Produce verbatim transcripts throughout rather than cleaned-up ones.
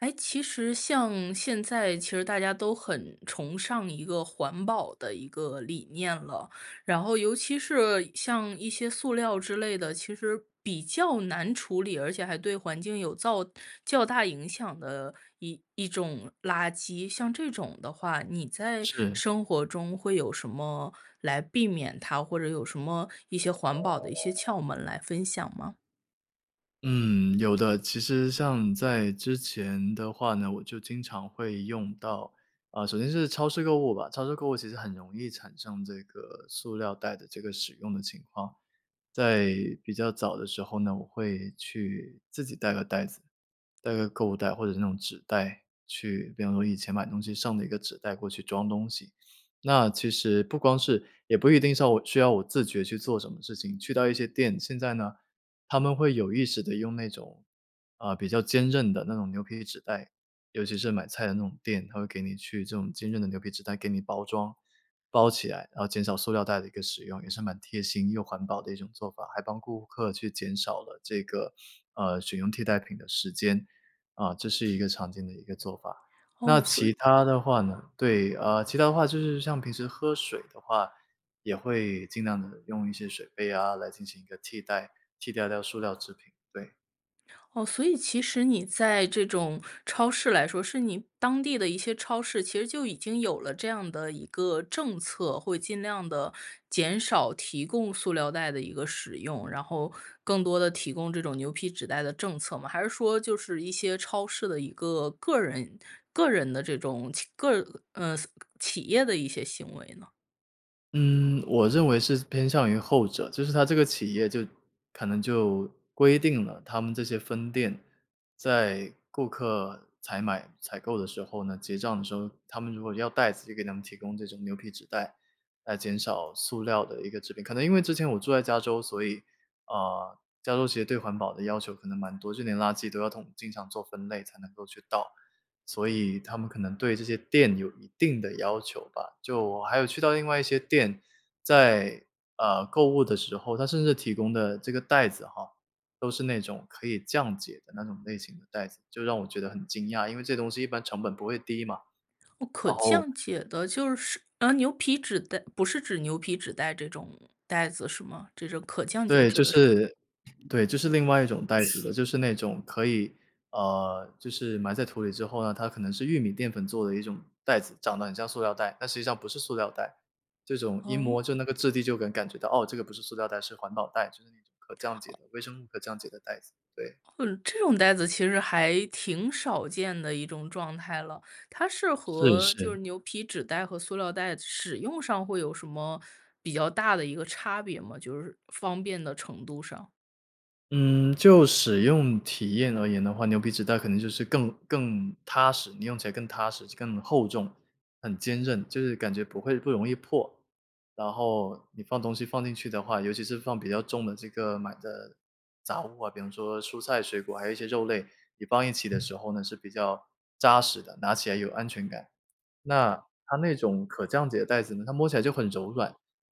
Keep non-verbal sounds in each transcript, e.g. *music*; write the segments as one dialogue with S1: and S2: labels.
S1: 哎，其实像现在其实大家都很崇尚一个环保的一个理念了。然后尤其是像一些塑料之类的，其实比较难处理，而且还对环境有造较大影响的一一种垃圾，像这种的话，你在
S2: 是。
S1: 生活中会有什么来避免它？或者有什么一些环保的一些窍门来分享吗？
S2: 嗯，有的，其实像在之前的话呢，我就经常会用到。啊，首先是超市购物吧，超市购物其实很容易产生这个塑料袋的这个使用的情况。在比较早的时候呢，我会去自己带个袋子，带个购物袋，或者是那种纸袋去比方说以前买东西剩的一个纸袋过去装东西。那其实不光是也不一定是要我需要我自觉去做什么事情，去到一些店，现在呢他们会有意识地用那种，啊，比较坚韧的那种牛皮纸袋，尤其是买菜的那种店，他会给你去这种坚韧的牛皮纸袋给你包装，包起来，然后减少塑料袋的一个使用，也是蛮贴心又环保的一种做法。还帮顾客去减少了这个呃，选用替代品的时间，啊，这是一个常见的一个做法，那
S1: 哦，所
S2: 其
S1: 以
S2: 它的话呢，对呃，其他的话就是像平时喝水的话，也会尽量地用一些水杯啊来进行一个替代，替掉掉塑料制品，对。
S1: 哦，所以其实你在这种超市来说，是你当地的一些超市，其实就已经有了这样的一个政策，会尽量地减少提供塑料袋的一个使用，然后更多地提供这种牛皮纸袋的政策吗？还是说就是一些超市的一个个人个人的这种企，个嗯，企业的一些行为呢？
S2: 嗯，我认为是偏向于后者，就是它这个企业就可能就规定了他们这些分店在顾客采买、采购的时候呢，结账的时候，他们如果要袋子就给他们提供这种牛皮纸袋，来减少塑料的一个制品。可能因为之前我住在加州，所以，呃，加州其实对环保的要求可能蛮多，就连垃圾都要统经常做分类才能够去倒，所以他们可能对这些店有一定的要求吧。就我还有去到另外一些店，在呃，购物的时候，它甚至提供的这个袋子哈，都是那种可以降解的那种类型的袋子，就让我觉得很惊讶，因为这东西一般成本不会低嘛，
S1: 哦，可
S2: 然后
S1: 降解的就是啊，牛皮纸袋，不是指牛皮纸袋这种袋子是吗？这是可降解
S2: 对，
S1: 指
S2: 就
S1: 的是？
S2: 是，对，就是另外一种袋子的。就是那种可以，呃，就是埋在土里之后呢，它可能是玉米淀粉做的一种袋子，长得很像塑料袋，但实际上不是塑料袋。这种一摸
S1: 哦？
S2: 就那个质地就能感觉到，哦，这个不是塑料袋，是环保袋，就是那种可降解
S1: 哦。
S2: 的，微生物可降解的袋子，对。
S1: 哦，这种袋子其实还挺少见的一种状态了。它是
S2: 是，
S1: 和就
S2: 是。
S1: 是牛皮纸袋和塑料袋使用上会有什么比较大的一个差别吗？就是方便的程度上。
S2: 嗯，就使用体验而言的话，牛皮纸袋可能就是更更踏实，你用起来更踏实、就更厚重，很坚韧，就是感觉不会不容易破。然后你放东西放进去的话，尤其是放比较重的这个买的杂物啊，比方说蔬菜、水果，还有一些肉类，你放一起的时候呢，是比较扎实的，拿起来有安全感。那它那种可降解袋子呢，它摸起来就很柔软，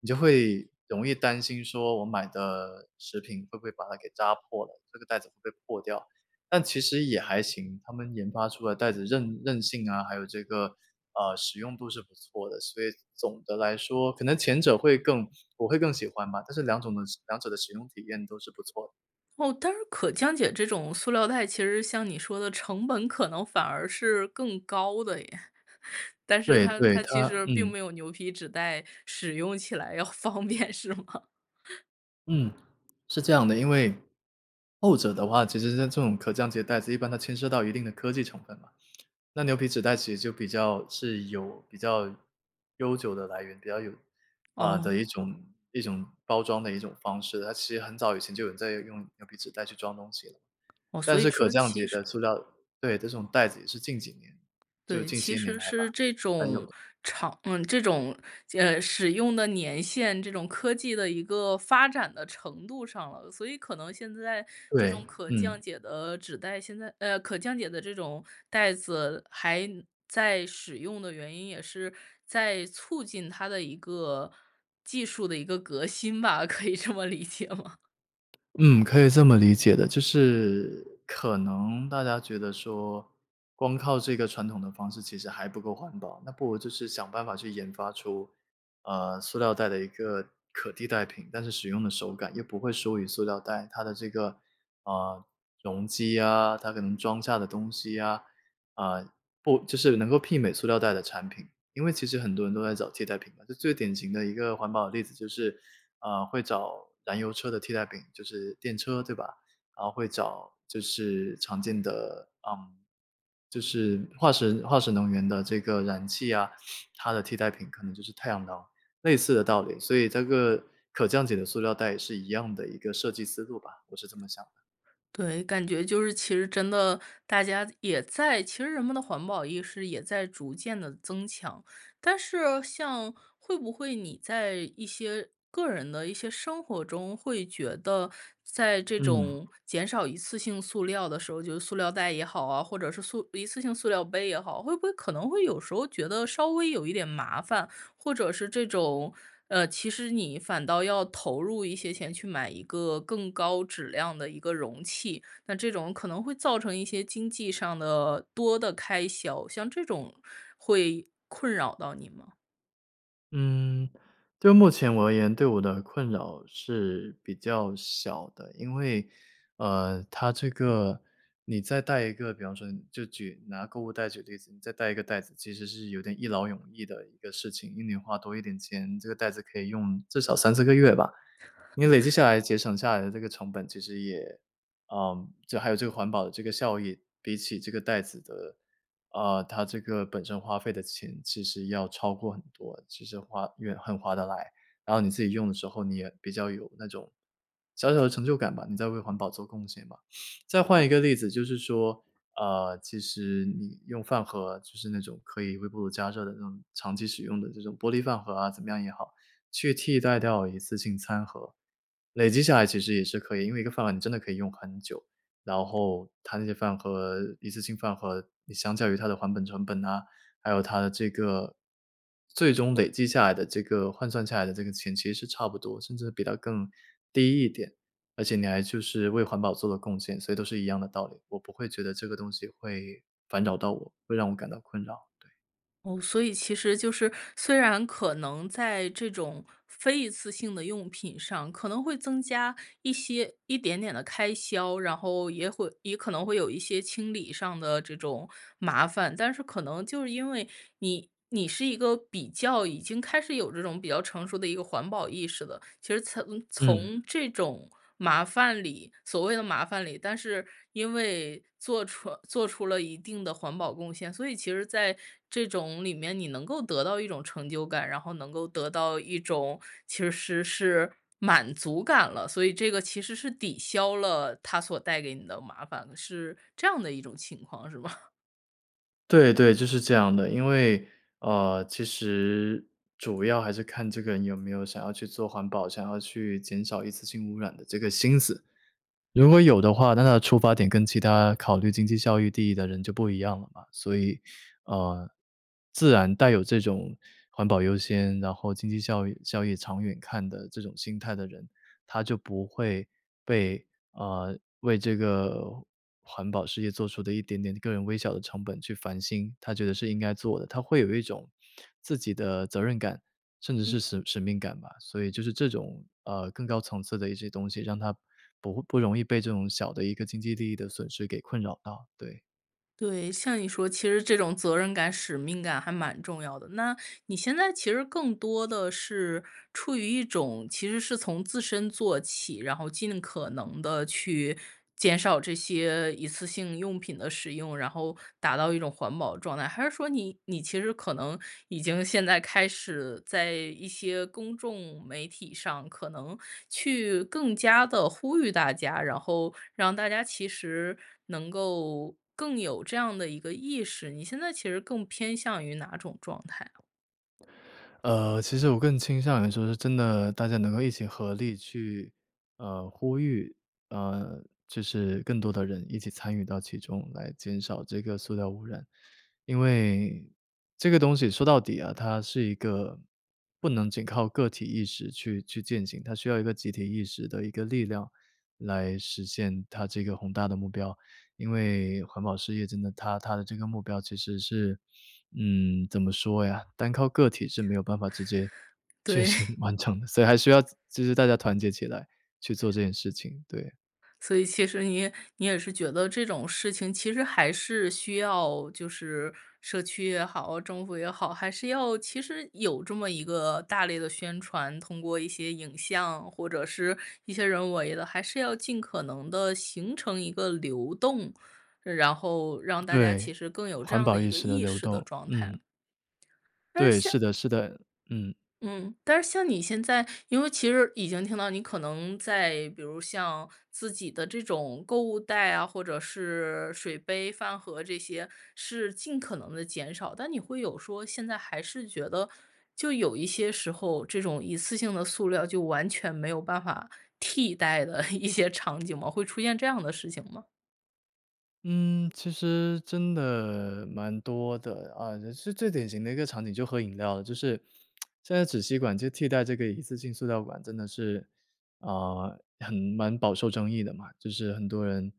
S2: 你就会容易担心说，我买的食品会不会把它给扎破了，这个袋子会破掉。但其实也还行，他们研发出来袋子韧韧性啊，还有这个，呃，使用度是不错的。所以总的来说，可能前者会更我会更喜欢吧，但是两种的两者的使用体验都是不错。
S1: 哦，但是可降解这种塑料袋，其实像你说的，成本可能反而是更高的耶。*chuckles* 但是
S2: 对，
S1: 它，
S2: 对，
S1: 它其
S2: 它
S1: 实并
S2: 嗯。
S1: 没有牛皮纸袋使用起来要方便，是吗？*chuckles*
S2: 嗯，是这样的，因为后者的话，其实像这种可降解袋子，一般它牵涉到一定的科技成分嘛。那牛皮纸袋其实就比较是有比较悠久的来源，比较有呃，的一
S1: 哦。
S2: 种一种包装的一种方式，它其实很早以前就有人在用牛皮纸袋去装东西了。
S1: 哦。所
S2: 但
S1: 以
S2: 是可
S1: 说
S2: 降
S1: 其
S2: 解
S1: 实。
S2: 的塑料对，这种袋子也是近几年，就
S1: 对，
S2: 近
S1: 其
S2: 些年
S1: 实
S2: 来
S1: 是
S2: 吧，
S1: 这
S2: 才有
S1: 种
S2: 的。
S1: 长嗯，这种间嗯，使用的年限，这种科技的一个发展的程度上了。所以可能现在这
S2: 对，
S1: 种可降
S2: 嗯。
S1: 解的纸袋，现在呃，可降解的这种袋子还在使用的原因，也是在促进它的一个技术的一个革新吧，可以这么理解吗？
S2: 嗯，可以这么理解的，就是可能大家觉得说光靠这个传统的方式其实还不够环保，那不如就是想办法去研发出，啊，塑料袋的一个可替代品，但是使用的手感又不会输于塑料袋，它的这个，啊，容积啊，它可能装下的东西啊，啊，不就是能够媲美塑料袋的产品。因为其实很多人都在找替代品嘛，这最典型的一个环保的例子就是，啊，会找燃油车的替代品，就是电车对吧？然后会找就是常见的，嗯，就是化石化石能源的这个燃气啊，它的替代品可能就是太阳能。类似的道理，所以则个可降解的塑料袋也是一样的一个设计思路吧，我是这么想的。
S1: 对，感觉就是其实真的大家也在，其实人们的环保意识也在逐渐地增强，但是像会不会你在一些个人的一些生活中，会觉得在这
S2: 嗯。
S1: 种减少一次性塑料的时候，就是塑料袋也好啊，或者是塑一次性塑料杯也好，会不会可能会有时候觉得稍微有一点麻烦，或者是这种，呃，其实你反倒要投入一些钱去买一个更高质量的一个容器，那这种可能会造成一些经济上的多的开销，像这种会困扰到你吗？
S2: 嗯，就目前我而言，对我的困扰是比较小的。因为，呃，它这个你再带一个，比方说就举拿购物袋举例子，你再带一个袋子，其实是有点一劳永逸的一个事情，宁愿花多一点钱，这个袋子可以用至少三四个月吧，你累积下来节省下来的这个成本其实也呃，就还有这个环保的这个效益比起这个袋子的，呃，它这个本身花费的钱其实要超过很多，其实花越很划得来。然后你自己用的时候，你也比较有那种小小的成就感吧，你在为环保做贡献吧。再换
S1: 哦。
S2: 一个例子就是说，呃，其实你用饭盒，就是那种可以微波炉加热的那种长期使用的这种玻璃饭盒啊，怎么样也好，去替代掉一次性餐盒。累积下来其实也是可以，因为一个饭盒你真的可以用很久，然后它那些饭盒，一次性饭盒你相较于它的还本成本哪，还有它的这个最终累积下来的这个换算下来的这个钱其实是差不多，甚至比它更低一点，而且你还就是为环保做了贡献，所以都是一样的道理，我不会觉得这个东西会烦扰到我，会让我感到困扰。
S1: 哦，所以其实就是，虽然可能在这种非一次性的用品上，可能会增加一些一点点的开销，然后也会也可能会有一些清理上的这种麻烦，但是可能就是因为你你是一个比较已经开始有这种比较成熟的一个环保意识了。其实从
S2: 嗯。
S1: 从这种麻烦里，所谓的麻烦里，但是因为做出做出了一定的环保贡献，所以其实在这种里面你能够得到一种成就感，然后能够得到一种其实是是满足感了，所以这个其实是抵消了它所带给你的麻烦的，是这样的一种情况，是吧？*laughs*
S2: 对对，就是这样的。因为，呃，其实主要还是看这个人有没有想要去做环保，想要去减少一次性污染的这个心思。如果有的话，那他的出发点跟其他考虑经济效益第一的人就不一样了嘛，所以，啊，自然带有这种环保优先，然后经济效益效益长远看的这种心态的人，他就不会被啊，为这个环保事业做出的一点点个人微小的成本去烦心。他觉得是应该做的，他会有一种自己的责任感，甚至
S1: 嗯。
S2: 是使使命感吧。所以就是这种，呃，更高层次的一些东西，让他不会不容易被这种小的一个经济利益的损失给困扰到，对。
S1: 对，像你说其实这种责任感、使命感还蛮重要的。那你现在其实更多地是出于一种，其实是从自身做起，然后尽可能地去减少这些一次性用品的使用，然后达到一种环保的状态。还是说你你其实可能已经现在开始在一些公众媒体上，可能去更加地呼吁大家，然后让大家其实能够更有这样的一个意识，你现在其实更偏向于哪种状态啊？
S2: 呃，其实我更倾向于说是真的，大家能够一起合力去呃，呼吁，啊，就是更多的人一起参与到其中，来减少这个塑料污染。因为这个东西说到底啊，它是一个不能仅靠个体意识去去践行，它需要一个集体意识的一个力量，来实现它这个宏大的目标，因为环保事业真的它它的这个目标其实是，嗯，怎么说呀，单靠个体是没有办法直接确
S1: 对。
S2: 行完成，所以还需要就是大家团结起来去做这件事情，对。
S1: 所以其实你也你也是觉得这种事情其实还是需要就是社区也好、政府也好，还是要其实有这么一个大力的宣传，通过一些影像或者是一些人为的，还是要尽可能地形成一个流动，然后让大家
S2: 对，
S1: 其实更有这
S2: 环
S1: 样的
S2: 保
S1: 一
S2: 意
S1: 个
S2: 识的
S1: 意
S2: 流
S1: 识的
S2: 动，
S1: 状态。
S2: 嗯。
S1: 但是
S2: 对，是
S1: 像
S2: 的是的，嗯。
S1: 嗯，但是像你现在，因为其实已经听到你可能在，比如像自己的这种购物袋啊，或者是水杯、饭盒这些是尽可能地减少，但你会有说现在还是觉得就有一些时候，这种一次性的塑料就完全没有办法替代的一些场景吗？会出现这样的事情吗？
S2: 嗯，其实真的蛮多的，啊，是最典型的一个场景就喝饮料了，就是 *tsk* 现在纸吸管就替代这个一次性塑料管真的是，啊，很蛮饱受争议的嘛，就是很多人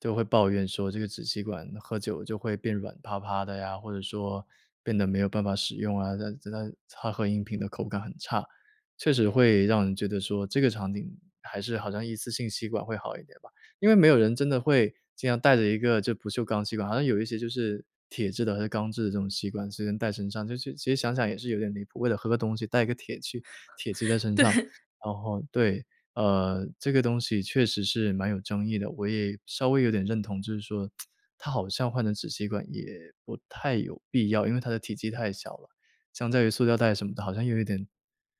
S2: 都会抱怨说这个纸吸管喝酒就会变软趴趴的呀，或者说变得没有办法使用啊，那那它喝饮品的口感很差。确实会让人觉得说这个场景还是好像一次性吸管会好一点吧，因为没有人真的会经常带着一个就不锈钢吸管，好像有一些就是铁制的还是钢制的这种吸管随身带身上，就是其实想想也是有点离谱，为了喝个东西，带一个铁去铁器
S1: *chuckles*
S2: 在身上，
S1: 对。
S2: 然后对。呃，这个东西确实是蛮有争议的，我也稍微有点认同，就是说 *tsk* 它好像换成纸吸管也不太有必要，因为它的体积太小了，相较于塑料袋什么的，好像又有一点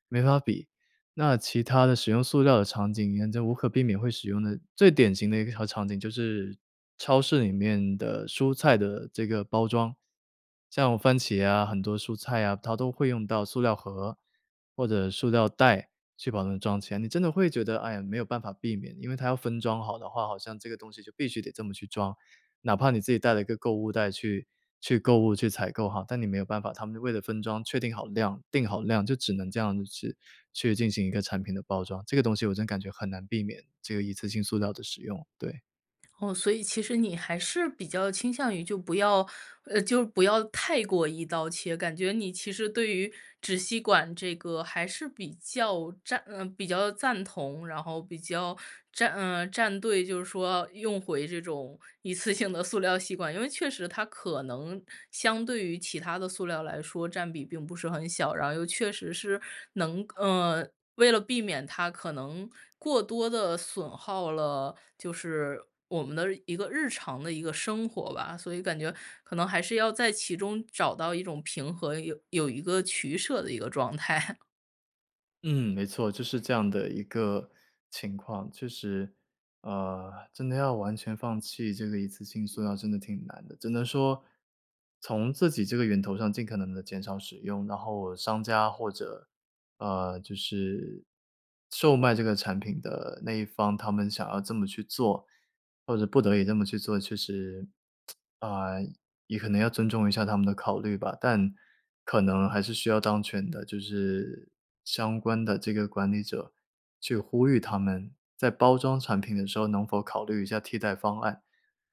S2: 没法比。那其他的使用塑料的场景沿着无可避免会使用的，最典型的一条场景就是超市里面的蔬菜的这个包装，像番茄啊，很多蔬菜啊，它都会用到塑料盒，或者塑料袋去把它们装起来，你真的会觉得，哎呀，没有办法避免，因为它要分装好的话，好像这个东西就必须得这么去装。哪怕你自己带了一个购物袋去去购物、去采购哈，但你没有办法，他们为了分装确定好量，定好量就只能这样子去去进行一个产品的包装，这个东西我真感觉很难避免，这个一次性塑料的使用，对。
S1: 哦，所以其实你还是比较倾向于就不要，呃，就不要太过一刀切，感觉你其实对于纸吸管这个还是比较站嗯，比较赞同，然后比较站呃，站队，就是说用回这种一次性的塑料吸管，因为确实它可能相对于其他的塑料来说，占比并不是很小。然后又确实是能，呃，为了避免它可能过多地损耗了，就是我们的一个日常的一个生活吧，所以感觉可能还是要在其中找到一种平和，有有一个取舍的一个状态。*chuckles*
S2: 嗯，没错，就是这样的一个情况。确实，呃，真的要完全放弃这个一次性塑料真的挺难的，只能说从自己这个源头上尽可能地减少使用，然后商家或者，呃，就是售卖这个产品的那一方，他们想要这么去做，或者不得已这么去做，确实，*tsk* 啊，也可能要尊重一下他们的考虑吧，但可能还是需要当权的，就是相关的这个管理者去呼吁他们在包装产品的时候能否考虑一下替代方案，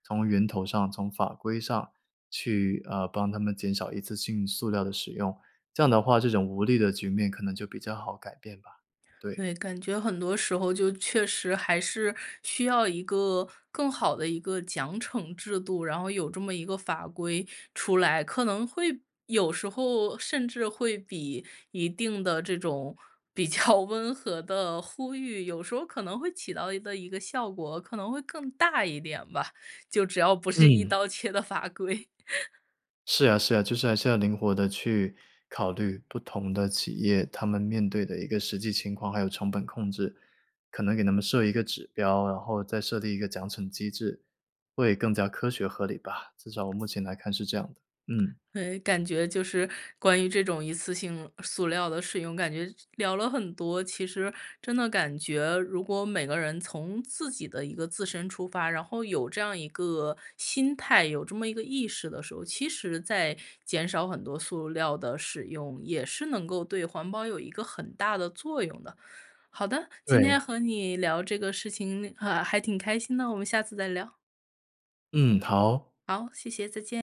S2: 从源头上、从法规上去，啊，帮他们减少一次性塑料的使用，这样的话这种无力的局面可能就比较好改变吧，对。
S1: 对，感觉很多时候就确实还是需要一个，更好的一个奖惩制度，然后有这么一个法规出来，可能会有时候甚至会比一定的这种比较温和的呼吁，有时候可能会起到的一个一个效果，可能会更大一点吧，就只要不是一
S2: 嗯。
S1: 刀切的法规。*chuckles*
S2: 是呀，是呀，就是还是要灵活地去考虑不同的企业，他们面对的一个实际情况，还有成本控制。可能给他们设一个指标，然后再设立一个奖惩机制，会更加科学合理吧，至少我目前来看是这样的，
S1: *smacks lips*
S2: 嗯。
S1: 诶，感觉就是关于这种一次性塑料的使用，感觉这聊了很多，其实真的感觉如果每个人从自己的一个自身出发，然后有这样一个心态，有这么一个意识的时候，其实在减少很多塑料的使用，也是能够对环保有一个很大的作用的。好的，今天
S2: 对。
S1: 和你聊这个事情和还挺开心的，我们下次再聊。
S2: 嗯，好。
S1: 好，谢谢，再见。